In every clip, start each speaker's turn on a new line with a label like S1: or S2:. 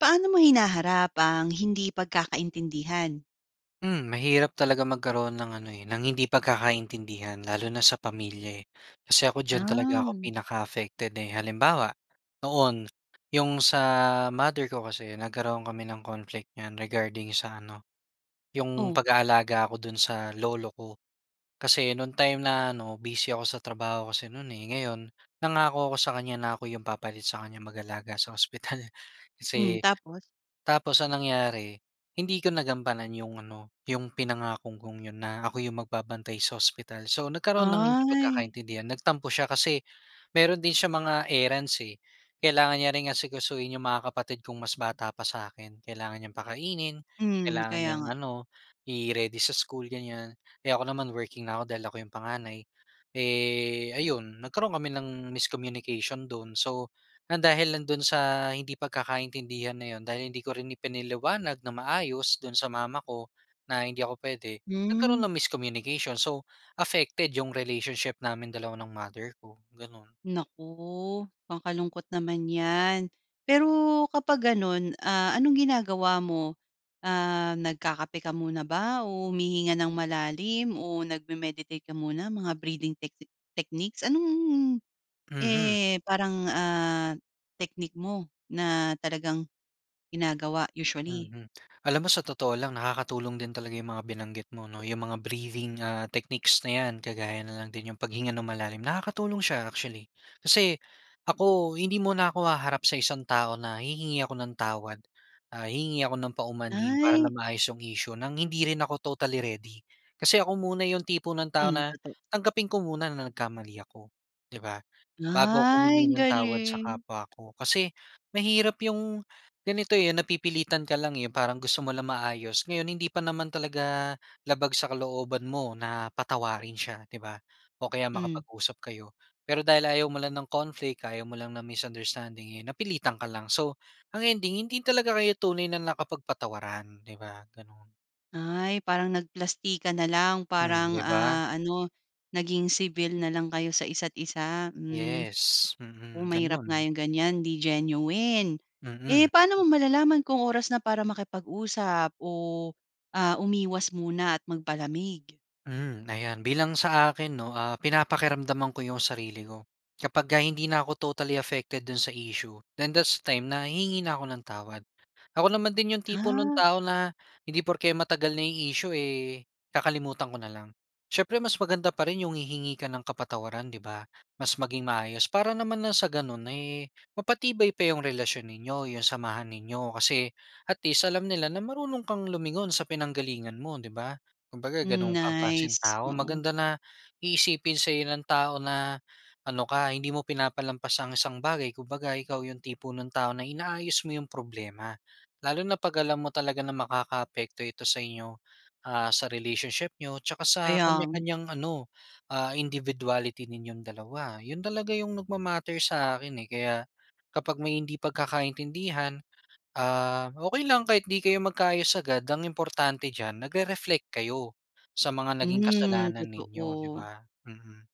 S1: Paano mo hinaharap ang hindi pagkakaintindihan?
S2: Mm, mahirap talaga magkaroon ng ano, eh, ng hindi pagkakaintindihan lalo na sa pamilya, eh. Kasi ako diyan talaga ako
S1: Ah.
S2: pinaka-affected eh. Halimbawa, noon 'yong sa mother ko kasi nagkaroon kami ng conflict niyan regarding sa ano, 'yong
S1: Oh?
S2: pag-aalaga ko do'n sa lolo ko. Kasi noon time na ano, busy ako sa trabaho kasi no'n, eh. Ngayon, nangako ako sa kanya na ako 'yong papalit sa kanya mag-alaga sa ospital.
S1: Mm,
S2: Kasi
S1: tapos?
S2: tapos ang nangyari, hindi ko nagampanan 'yong ano, 'yong pinangako kong 'yon na ako 'yong magbabantay sa ospital. So nagkaroon ng hindi
S1: Ay.
S2: pagkakaintindihan, nagtampo siya kasi mayro'n din siyang mga errands, eh. Kailangan niya ring asikasuhin 'yong mga kapatid kong mas bata pa sa'kin. Kailangan niyang pakainin,
S1: Mm,
S2: kailangan
S1: kaya
S2: niyang
S1: nga.
S2: ano, i-ready sa school, ganyan. Eh, ako naman working na ako dahil ako 'yong panganay. Eh, ayon, nagkaroon kami ng miscommunication do'n. So, nang dahil lang do'n sa hindi pagkakaintindihan na 'yon, dahil hindi ko rin ipinaliwanag nang maayos do'n sa mama ko na hindi ako puwede, nagkaroon
S1: Hmm.
S2: ng miscommunication. So, affected 'yong relationship namin dalawa ng mother ko, gano'n.
S1: Naku, kakalungkot naman 'yan. Pero kapag gano'n, ah, anong ginagawa mo? Ah, nagkakape ka muna ba o humihinga ng malalim o nagme-meditate ka muna, mga breathing techsi techniques? Anong,
S2: Mhm.
S1: eh, parang, ah, technique mo na talagang ginagawa usually?
S2: Mhm. Alam mo sa totoo lang, nakakatulong din talaga 'yong mga binanggit mo, 'no? 'Yong mga breathing, ah, techniques na 'yan, kagaya na lang din 'yong paghinga nang malalim, nakakatulong siya, actually. Kasi ako, hindi muna ako haharap sa isang tao na hihingi ako ng tawad, ah, hihingi ako ng paumanhin, para
S1: Ay.
S2: lang maayos 'yong issue nang hindi rin ako totally ready. Kasi ako muna 'yong tipo ng tao
S1: Mm,
S2: na
S1: totoo.
S2: tanggapin ko muna na nagkamali ako, 'di ba, bago 'ko
S1: Ay,
S2: humingi
S1: ang
S2: ng tawad sa
S1: galing!
S2: kapwa ko. Kasi mahirap 'yong ganito, eh, napipilitan ka lang, eh, parang gusto mo lang maayos. Ngayon hindi pa naman talaga labag sa kalooban mo na patawarin siya, 'di ba? O kaya
S1: Mm.
S2: makapag-usap kayo. Pero dahil ayaw mo lang ng conflict, ayaw mo lang ng misunderstanding, eh, napilitan ka lang. So ang ending, hindi talaga kayo tunay na nakapagpatawaran, 'di ba, gano'n.
S1: Ay, parang nagplastikan na lang
S2: Hmm,
S1: parang
S2: 'di ba?
S1: ah, ano naging civil na lang kayo sa isa't isa, hmm.
S2: Yes,
S1: Oh,
S2: mm,
S1: mahirap nga
S2: ganun.
S1: yung ganyan, 'di genuine. Eh
S2: Mm.
S1: paano mo malalaman kung oras na para makipag-usap o ah, umiwas muna at magpalamig?
S2: Hmm, ayan bilang sa akin 'no, ah pinapakiramdaman ko 'yong sarili ko. Kapagka hindi na ako totally affected do'n sa issue then that's the time na hihingi na ako ng tawad. Ako naman din 'yong tipo no'ng
S1: Ah.
S2: tao na hindi porke matagal na 'yong issue eh kakalimutan ko na lang. Siyempre mas maganda pa rin 'yong hihingi ka ng kapatawaran, 'di ba? Mas maging maayos para naman na sa gano'n eh, mapatibay pa 'yong relasyon ninyo, 'yong samahan ninyo, kasi at least alam nila na marunong kang lumingon sa pinanggalingan mo, 'di ba? Kumbaga
S1: Hmm,
S2: ganun kang klaseng
S1: nice,
S2: tao.
S1: oo.
S2: Maganda na iisipin sa'yo ng tao na ano ka, hindi mo pinapalampas ang isang bagay kumbaga ikaw yung tipo ng tao na inaayos mo 'yong problema, lalo na pag alam mo talaga na makakaapekto ito sa inyo ah sa relationship niyo tsaka sa
S1: Kaya nga.
S2: kanya-kanyang ano, ah individuality ninyong dalawa. Yun talaga yung nagma-matter sa akin eh, kaya kapag may hindi pagkakaintindihan, ah, okey lang kahit hindi kayo magkaayos agad, ang importante diyan nagre-reflect kayo sa mga naging
S1: Hmm,
S2: kasalanan ninyo, 'di
S1: totoo.
S2: ba? Mhm.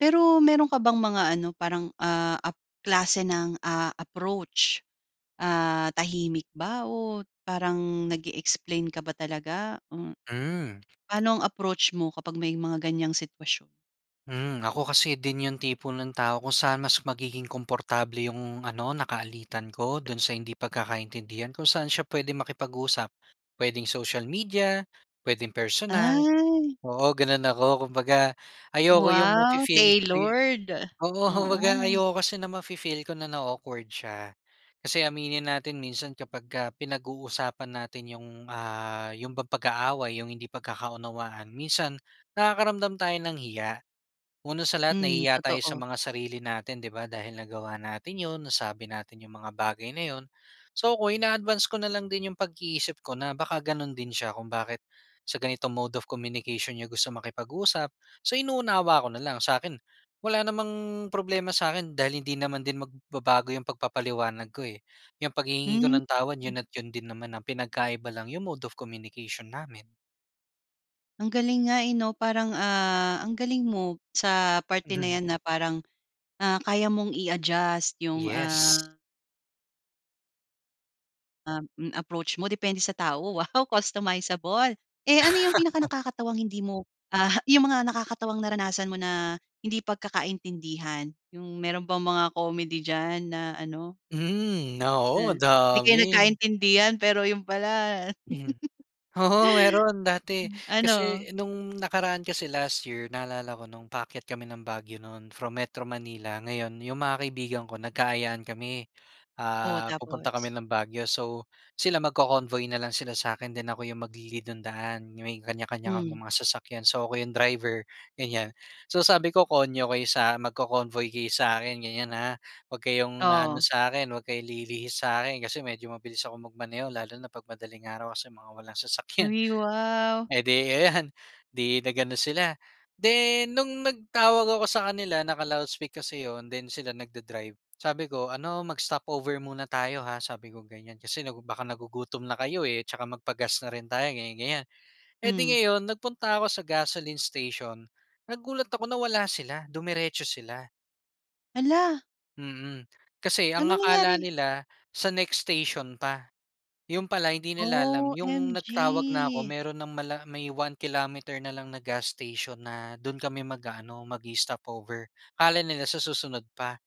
S1: Pero, meron ka bang mga ano, parang, ah, ap klase ng, ah, approach? Ah, tahimik ba o parang nag-e-explain ka ba talaga? Ah,
S2: Hmm.
S1: paano ang approach mo kapag may mga ganyang sitwasyon?
S2: Hmm. Ako kasi din 'yong tipo ng tao, kung saan mas magiging komportable 'yong ano, nakaalitan ko, do'n sa hindi pagkakaintindihan, kung saan siya puwedeng makipag-usap. Puwedeng social media, puwedeng personal.
S1: Ay.
S2: Oo, gano'n ako. Kumbaga, ayoko 'yong
S1: Wow,
S2: mafi-feel ko yu
S1: tailored.
S2: oo, kumbaga
S1: Oo.
S2: ayoko kasi na mafi-feel ko na nao-awkward siya. Kasi aminin natin minsan, kapagka pinag-uusapan natin 'yong, ah, 'yong bang pag-aaway, 'yong hindi pagkakaunawaan, minsan nakakaramdam tayo ng hiya. Una sa lahat,
S1: Hmm,
S2: nahihiya tayo sa
S1: totoo.
S2: mga sarili natin 'di ba dahil nagawa natin 'yon, nasabi natin 'yong mga bagay na 'yon. So, ako ina-advance ko na lang din 'yong pag-iisip ko na baka gano'n din siya, kung bakit sa ganitong mode of communication niya gusto makipag-usap. So, inuunawa ko na lang. Sa'kin, wala namang problema sa akin dahil hindi naman din magbabago 'yong pagpapaliwanag ko eh. 'Yang paghihingi ko
S1: Hmm,
S2: ng tawad,
S1: hmm.
S2: 'yon at 'yon din naman. Ang pinagkaiba lang 'yong mode of communication namin.
S1: Ang galing nga, eh, no? Parang, ah, ang galing mo sa parte na yan na parang, ah, kaya mong i-adjust yung
S2: Yes.
S1: ah ah, mm, approach mo depende sa tao. Wow, customizable! Eh, ano yung pinaka nakakatawang hindi mo, ah, yung mga nakakatawang naranasan mo na hindi pagkakaintindihan. Yung meron bang mga comedy diyan na ano
S2: Mm, oo
S1: ah, 'di kayo
S2: dami!
S1: nagkaintindihan, pero yun pala
S2: Mhm. Oo, meron dati.
S1: ano?
S2: Kasi nung nakaraan kasi, last year naalala ko nung paakyat kami ng Baguio no'n from Metro Manila. Ngayon yung mga kaibigan ko nagka-ayaan kami,
S1: Oh,
S2: ah, pupunta
S1: tapos?
S2: kami ng Baguio. So, sila magco-convoy na lang sila sa akin then ako yung magli-lead nung daan. May kanya-kanya
S1: Hmm.
S2: kaming mga sasakyan. So, ako yung driver, ganyan. So, sabi ko konyo kayo sak magco-convoy kayo sa akin ganyan ha? 'Wag kayong aano
S1: Oh!
S2: sa'kin, 'wag kayo lilihis sa'kin kasi medyo mabilis akong magmaneho lalo na 'pag madaling araw kasi mga walang sasakyan.
S1: Uy, wow!
S2: Edi ayan, 'di nag-ano sila. Then nung nagtawag ako sa kanila naka-loudspeak kase 'yon then sila nagda-drive, sabi ko, "Ano, mag-stop over muna tayo, ha?" Sabi kong ganyan, "Kasi baka nagugutom na kayo, eh, at saka magpa-gas na rin tayo ganyan, ganyan." E'di
S1: Hmm.
S2: ngayon, nagpunta ako sa gasoline station nagulat ako na wala sila, dumiretso sila.
S1: Hala!
S2: Mm. Kasi
S1: Ano
S2: ang akala
S1: nangyari?
S2: nila, sa next station pa. 'Yon pala hindi nila alam 'yong nagtawag na 'ko,
S1: OMG.
S2: meron ng mala may one kilometer na lang na gas station na do'n kami mag-aano, mag-i-stop over. Akala nila sa susunod pa.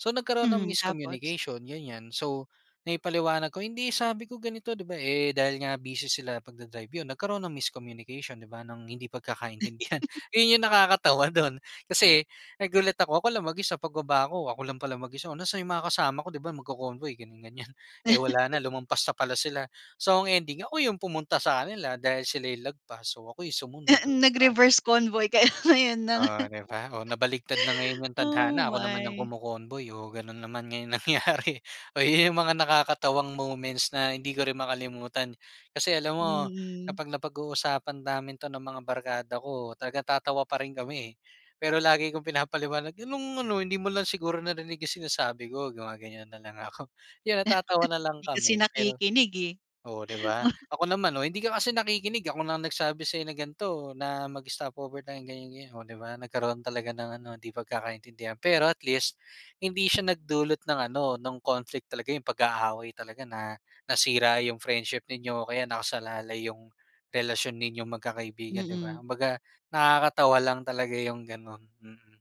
S2: So nagkaroon ng
S1: Mm, tapos?
S2: miscommunication, ganyan. So, naipaliwanag ko, "Hindi, sabi ko ganito, 'di ba?", eh, dahil nga busy sila pagda-drive, 'yon nagkaroon ng miscommunication, 'di ba, ng hindi pagkakaintindihan. 'Yon 'yong nakakatawa do'n, kasi nagulat ako, ako lang mag-isa pagbaba 'ko, ako lang pala mag-isa, "Oh, nasa'n 'yong mga kasama ko, 'di ba, magko-convoy," ganyan-ganyan. Eh, wala na, lumampas na pala sila. So ang ending, ako 'yong pumunta sa kanila dahil sila 'yong lagpas, so ako 'yong sumunod, oh, 'di ba?
S1: Nag-reverse convoy kayo ngayon ng
S2: Oh, 'di ba? Oh, nabaligtad na ngayon 'yong
S1: Oh,
S2: tadhana, ako naman 'yong
S1: my.
S2: kumo-convoy, oh, gano'n naman nga 'yong nangyari. Oo, 'yong mga nakakatawang moments na hindi ko rin makalimutan. Kasi alam mo,
S1: Mm.
S2: kapag napag-uusapan namin 'to ng mga barkada ko, talaga natatawa pa rin kami, eh. Pero lagi kong pinapaliwanag, "Anong ano, hindi mo lang siguro narinig 'yong sinasabi ko", gumaganyan na lang ako. 'Yon, natatawa na lang
S1: 'Di kasi
S2: kami. Pero,
S1: nakikinig, eh.
S2: oh, 'di ba? Ako naman, "Oh, hindi ka kasi nakikinig, ako na nagsabi sa'yo na ganito, na mag-stop over tayo", ganyan-ganyan. Oh, 'di ba, nagkaroon talaga ng ano, 'di pagkakaintindihan. Pero at least, hindi siya nagdulot ng ano, no'ng conflict talaga, 'yong pag-aaway talaga na, nasira 'yong friendship ninyo o kaya nakasalalay 'yong, relasyon ninyong magkakaibigan, 'di ba?
S1: Mm.
S2: Kumbaga, nakakatawa lang talaga 'yong gano'n, mm.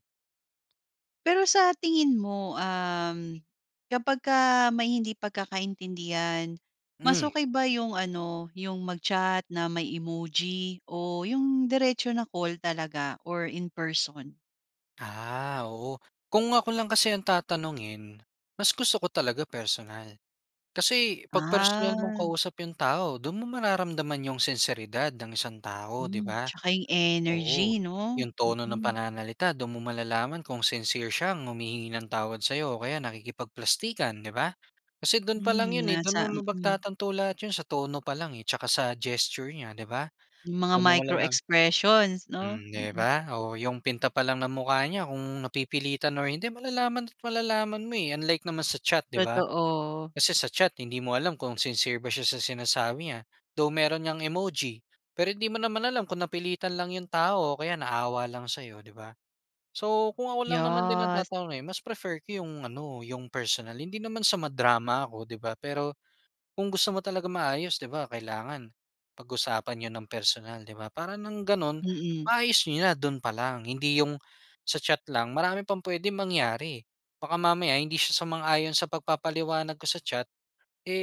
S1: Pero sa tingin mo, uhm, kapagka may hindi pagkakaintindihan, mas
S2: Hmm.
S1: okey ba yung ano yung mag-chat na may emoji o yung diretso na call talaga or in person?
S2: Ah, oo kung ako lang kasi ang tatanungin, mas gusto ko talaga personal. Kasi 'pag personal mong
S1: Ah.
S2: kausap 'yong tao doon mo mararamdaman 'yong sinseridad ng isang tao 'di
S1: Hmm.
S2: ba?
S1: Tsaka yung energy
S2: Oo,
S1: 'no?
S2: 'yong tono ng
S1: Mm.
S2: pananalita do'n mo malalaman kung sincere siyang humihingi ng tawad sa 'yo o kaya nakikipagplastikan, 'di ba? Kasi do'n pa
S1: Hmm
S2: lang 'yon eh do'n mo
S1: nasa mm.
S2: mapagtatanto lahat 'yon sa tono pa lang, eh, tsaka sa gesture niya 'di ba?
S1: Yung mga
S2: Do'n mo
S1: micro
S2: malalam
S1: expressions 'no?
S2: Mm 'di
S1: Mm.
S2: ba? Oh, 'yong pinta pa lang ng mukha niya kung napipilitan or hindi malalaman at malalaman mo, eh, unlike naman sa chat 'di ba?
S1: Totoo.
S2: Kasi sa chat hindi mo alam kung sincere ba siya sa sinasabi niya. Though, meron ngang emoji, pero hindi mo naman alam kung napilitan lang 'yong tao o kaya naawa lang sa'yo 'di ba? So kung ako lang naman din ang
S1: Yes.
S2: tatanungin mas prefer ko 'yong ano 'yong personal. Hindi naman sa ma-drama ako 'di ba, pero kung gusto mo talagang maayos 'di ba kailangan, pag-usapan n'yo ng personal 'di ba para ng gano'n,
S1: Mhm.
S2: maayos n'yo na do'n pa lang hindi 'yong sa chat lang marami pang puwedeng mangyari. Baka mamaya hindi siya sumang-ayon sa pagpapaliwanag ko sa chat,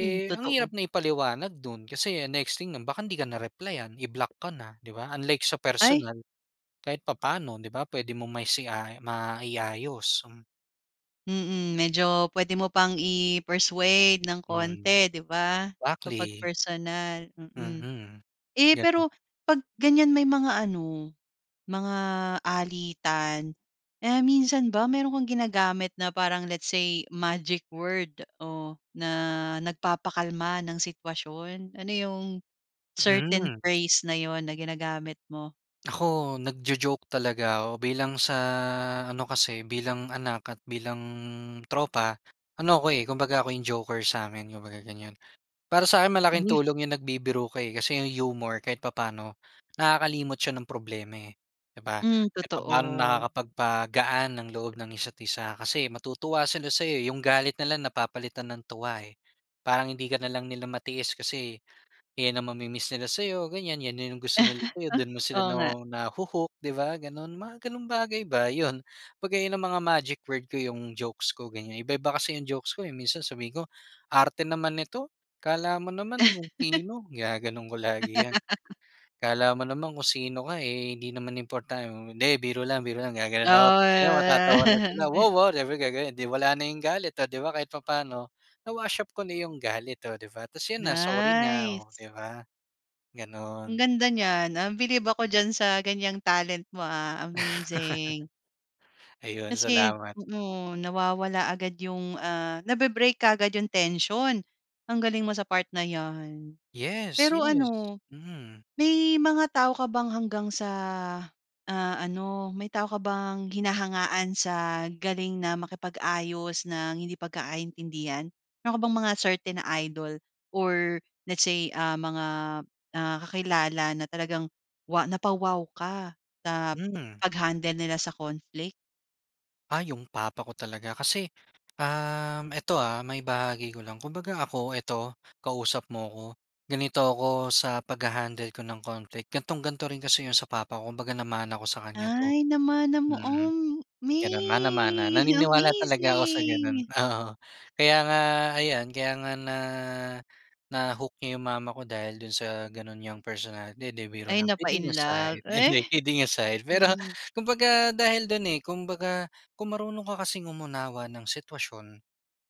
S1: Hmm,
S2: ang hirap
S1: totoo.
S2: na ipaliwanag do'n kasi ang next thing nun baka 'di ka na replayan, i-block ka na 'di ba unlike sa
S1: Ay.
S2: personal, kahit papaano 'di ba puwede mong maisia mai-ayos, hmm.
S1: Mm, medyo pwede mo pang i-persuade ng
S2: Hmm,
S1: konti 'di ba, kapag
S2: exactly!
S1: personal, mm.
S2: Mm.
S1: Eh,
S2: Ganon.
S1: pero 'pag ganyan may mga ano, mga alitan, ah, minsan ba meron kang ginagamit na parang let's say magic word o na nagpapakalma ng sitwasyon? Ano yung certain
S2: Hmm.
S1: phrase na 'yon na ginagamit mo?
S2: Ako, nagjo-joke talaga ko bilang sa ano kasi, bilang anak at bilang tropa, ano ko, eh, kumbaga ako yung joker samin kung baga ganyan. Para sa'kin malaking
S1: Uy!
S2: tulong yung nagbibiro ka, eh, kasi yung humor kahit papaano nakakalimot siya ng problema, eh, 'di ba?
S1: Hmm,
S2: Kahit papano
S1: totoo.
S2: nakakapagpagaan ng loob ng isa't-isa kasi matutuwa sila sayo, eh, yung galit nila napapalitan ng tuwa, eh. Parang hindi ka na lang nila matiis kasi 'yan ang mami-miss nila sayo ganyan, 'yan yung gusto
S1: Ah,
S2: nila sayo, don mo sila
S1: oo
S2: na
S1: nga.
S2: nahu-hook 'di ba ganon? Mga ganong bagay ba, 'yon. 'Baga'y yan yung mga magic word ko yung jokes ko, ganyan. Iba-iba kasi yung jokes ko, eh. Minsan sabihin ko, "Arte naman nito, akala mo naman kung sino!" Ginaganon ko lagi 'yan. "Akala mo naman kung sino ka, eh, hindi naman important hindi biro lang, biro lang ga ganon ako," ta's ayon,
S1: Ah!
S2: matatawa na sila. "Wow, ah!" Syempre ga ganon. 'Di wala na yung galit, oh 'di ba? Kahit papaano na-wash up ko na yung galit. Oh 'di ba? Tapos 'yon na, sorry na.
S1: Nice!
S2: Oh, di ba? Ganon.
S1: Ang ganda niyan, uhm, bilib ako diyan sa ganyang talent mo, ah, amazing!
S2: Ayun,
S1: Kasi,
S2: salamat.
S1: oo. Nawawala agad yung, ah, nabe-break kaagad yung tension. Ang galing mo sa part na 'yan!
S2: Yes,
S1: Pero
S2: yes!
S1: ano,
S2: Mhm.
S1: may mga tao ka bang hanggang sa, ah, ano, may tao ka bang hinahangaan sa galing na makipag-ayos ng hindi pagkakaintindihan? Meron ka bang mga certain na idol or let's say, ah, mga, ah, kakilala na talagang wa napa-wow ka sa
S2: Hmm.
S1: pag-handle nila sa conflict?
S2: Ah, ‘yong papa ko talaga, kasi, uhm, ito, ah, maibahagi ko lang. Kumbaga ako, ito, kausap mo ako, ganito ako sa pagha-handle ko ng conflict, ganitong-ganito rin kasi ‘yon sa papa ko. Kumbaga namana ko sa kanya ‘to,
S1: Ay, namana mo,
S2: mm,
S1: om me
S2: gano'n, mana-mana. Naniniwala talaga ako sa gano'n,
S1: amazing!
S2: oo. Kaya nga ayan, kaya nga na, na-hoo niya ‘yong mama ko dahil do'n sa gano'n niyang personality, 'di, biro
S1: Ay,
S2: lang,
S1: napa
S2: kidding
S1: in love,
S2: aside, 'di,
S1: eh!
S2: hindi, kidding aside. Pero
S1: Hmm.
S2: kumbaga dahil do'n, eh, kumbaga, kung marunong ka kasing umunawa ng sitwasyon,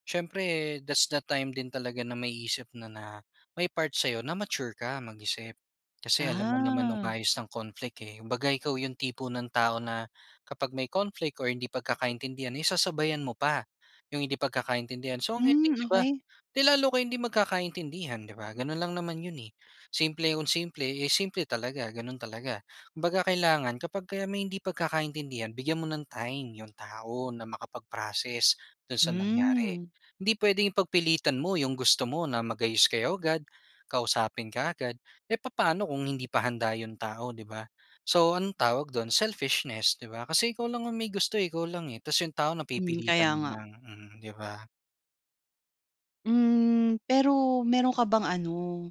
S2: siyempre that's the time din talaga na maiisip mo na, may part sa‘yo na mature ka mag-isip. Kasi alam mo naman
S1: Ah.
S2: umayos ng conflict, eh, kumbaga ikaw ‘yong tipo ng tao na kapag may conflict or hindi pagkakaintindihan, eh, sasabayan mo pa, ‘yong hindi pagkakaintindihan. So ang
S1: Hmm,
S2: ending, ‘di ba,
S1: okey.
S2: 'di lalo kayong hindi magkakaintindihan, ‘di ba, gano'n lang naman ‘yon, eh. Simple kung simple, eh, simple talaga, gano'n talaga. Kumbaga kailangan kapag kayo may hindi pagkakaintindihan, bigyan mo ng time ‘yong tao na makapag-process do'n sa nangyari.
S1: Hmm.
S2: Hindi puwedeng ipagpilitan mo ‘yong gusto mo na mag-ayos kayo agad, kausapin ka agad. Eh, papaano kung hindi pa handa ‘yon tao, ‘di ba? So anong tawag do'n? Selfishness, ‘di ba, kasi ikaw lang ang may gusto, eh, ikaw lang, eh, 'tas ‘yong tao
S1: Mm, kaya
S2: napipilitan
S1: nga.
S2: lang, mm, ‘di ba?
S1: Hmm, pero meron ka bang ano,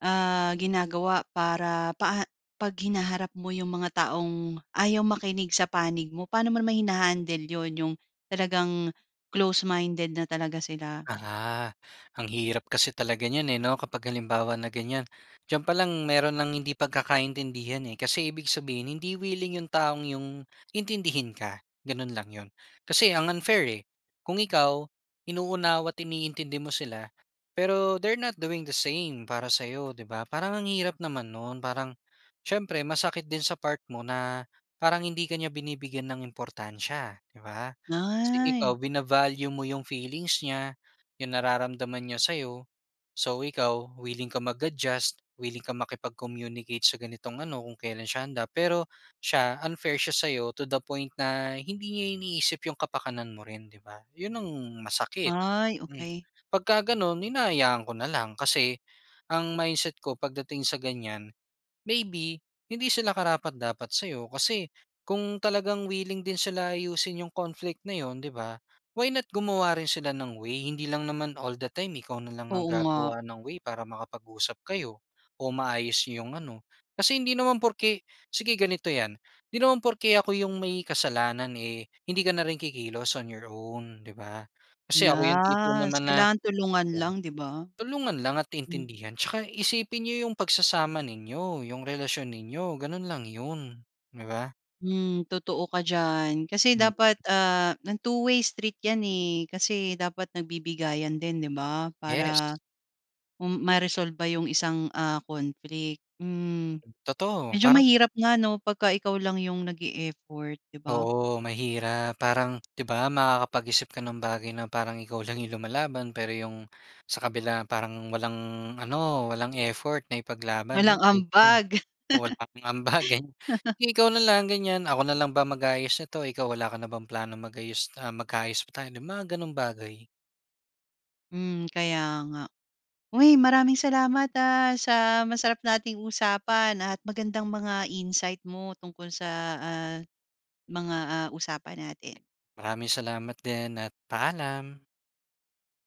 S1: ah ginagawa para paa 'pag hinaharap mo yung mga taong ayaw makinig sa panig mo paano mo naman hina-handle yun yung talagang close-minded na talaga sila.
S2: Ah ha, ang hirap kasi talaga niyan eh 'no, kapag halimbawa na ganiyan. Diyan pa lang meron ng hindi pagkakaintindihan eh, kasi ibig sabihin hindi willing 'yong taong 'yong intindihin ka, gano'n lang 'yon. Kasi ang unfair eh. Kung ikaw, inuunawa't iniintindi mo sila, pero they're not doing the same para sa'yo 'di ba. Parang ang hirap naman no'n parang siyempre masakit din sa part mo na parang hindi ka niya binibigyan ng importansya 'di ba? Kasi ikaw
S1: Ay.
S2: bina-value mo 'yong feelings niya, 'yong nararamdaman niya sa'yo, so ikaw willing ka mag-adjust, willing kang makipag-communicate sa ganitong ano kung kailan siya handa pero siya unfair siya sa'yo to the point na hindi niya iniisip 'yong kapakanan mo rin, 'di ba? 'Yon ang masakit.
S1: Ay
S2: Mm.
S1: okey.
S2: 'Pag ka gano'n hinahayaan ko na lang kasi ang mindset ko pagdating sa ganyan, maybe, hindi sila karapat-dapat sa'yo kasi kung talagang willing din sila ayusin 'yong conflict na 'yon 'di ba, why not gumawa rin sila ng way. Hindi lang naman all the time ikaw na lang ang
S1: Oo nga.
S2: gagawa ng way para makapag-usap kayo o maayos 'yong ano. Kasi hindi naman porke, sige ganito 'yan, hindi naman porke ako 'yong may kasalanan eh, hindi ka na rin kikilos on your own 'di ba? Kasi ako 'yong tipo
S1: Yes,
S2: naman na
S1: kailangan tulungan
S2: [unintelligible]
S1: lang, 'di ba?
S2: Tulungan lang at
S1: Hmm.
S2: intindihan tsaka isipin niyo 'yong pagsasama ninyo 'yong relasyon ninyo gano'n lang 'yon. 'Di ba?
S1: Hmm, totoo ka diyan. Kasi
S2: Hmm.
S1: dapat ah, ng two-way street 'yan, eh, kasi dapat nagbibigayan din 'di ba
S2: Yes.
S1: para m ma-resolba yung isang, ah, conflict, hmm.
S2: Totoo,
S1: Medyo
S2: parang
S1: mahirap nga 'no 'pagka ikaw lang yung nag-e-effort di ba?
S2: Oo, mahirap parang, 'di ba makakapag-isip ka ng bagay na parang ikaw lang 'yong lumalaban pero 'yong sa kabila parang walang ano, walang effort na ipaglaban
S1: Walang
S2: [unintelligible]
S1: ambag.
S2: o walang ambagan. Eh, ikaw na lang ganiyan, "Ako na lang ba mag-aayos nito, ikaw wala ka na bang plano mag-ayos ah, magka-ayos pa tayo," yung mga gano'ng bagay.
S1: Hmm, kaya nga. Uy, maraming salamat ah, sa masarap nating usapan at magandang mga insight mo tungkol sa ah, mga ah usapan natin.
S2: Maraming salamat din at paalam.